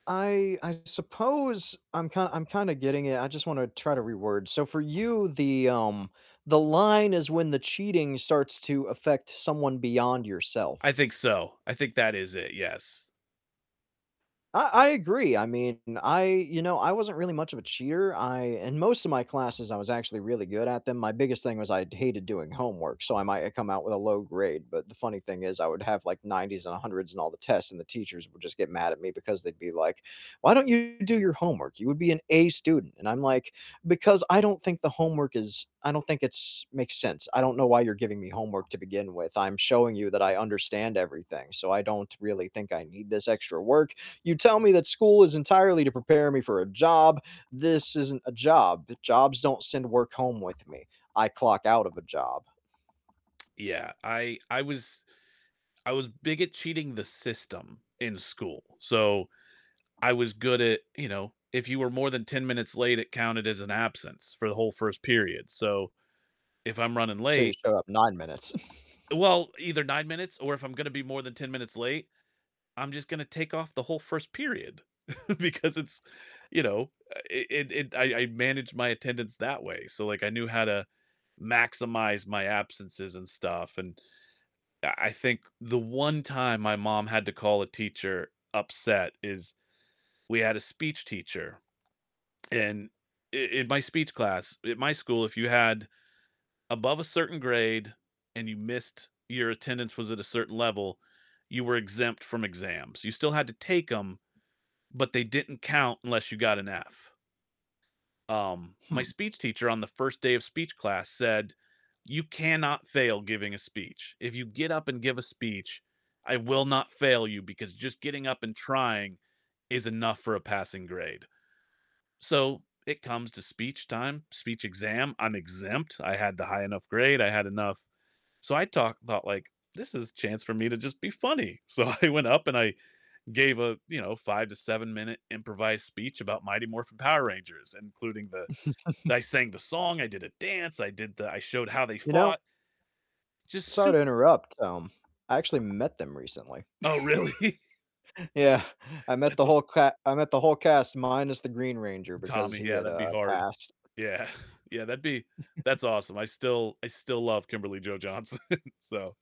I I suppose I'm kind I'm kinda getting it, I just wanna try to reword. So for you, the, um the line is when the cheating starts to affect someone beyond I yourself. think so. I think that is it, yes. I I agree. I mean, I you know, I wasn't really much of a cheater, I in most of my classes, I was actually really good at them. My biggest thing was I hated doing homework, so I might, uh, come out with a low grade, but the funny thing is I would have, like, 90s and 100s on all the tests, and the teachers would just get mad at me because they'd be like, "Why don't you do your homework? You would be an A student." And I'm like, "Because I don't think the homework is I don't think it's makes sense. I don't know why you're giving me homework to begin with, I'm showing you that I understand everything, so I don't really think I need this extra work. You tell me that school is entirely to prepare me for a job. This isn't a job, jobs don't send work home with me. I clock out of a job." Yeah, I I was I was big at cheating the system in school. So I was good at, you know, if you were more than 10 minutes late, it counted as an absence for the whole 1st period. So if I'm running So you late showed up 9 minutes. Well, either 9 minutes or if I'm gonna be more than 10 minutes late, I'm just gonna take off the whole 1st period because it's you know, uh, it it it I I managed my attendance that way. So, like, I knew how to maximize my absences and stuff, and I I think the 1 time my mom had to call a teacher upset is we had a speech teacher, and i in my speech class at my school, if you had above a certain grade and you missed your attendance was at a certain level, you were exempt from exams. You still had to take 'em, but they didn't count unless you got an F. Um, my Hmm. speech teacher on the 1st day of speech class said, "You cannot fail giving a speech. If you get up and give a speech, I will not fail you because just getting up and trying is enough for a passing grade." So it comes to speech time, speech exam, I'm exempt, I had the high enough grade, I had enough so I talk thought, like, "This is a chance for me to just be funny." So I went up and I gave a, you know, 5 to 7 minute improvised speech about Mighty Morphin Power Rangers, including the I sang the song, I did a dance, I did the I showed how they You know fought. Just Sorry to super interrupt, um, I actually met them recently. Oh, really? Yeah, I met That's the aw whole ca I met the whole cast minus the Green Ranger because Tommy, he yeah, had, that'd be uh, hard. passed. Yeah. Yeah, that'd be that's awesome. I still I still love Kimberly Jo Johnson, so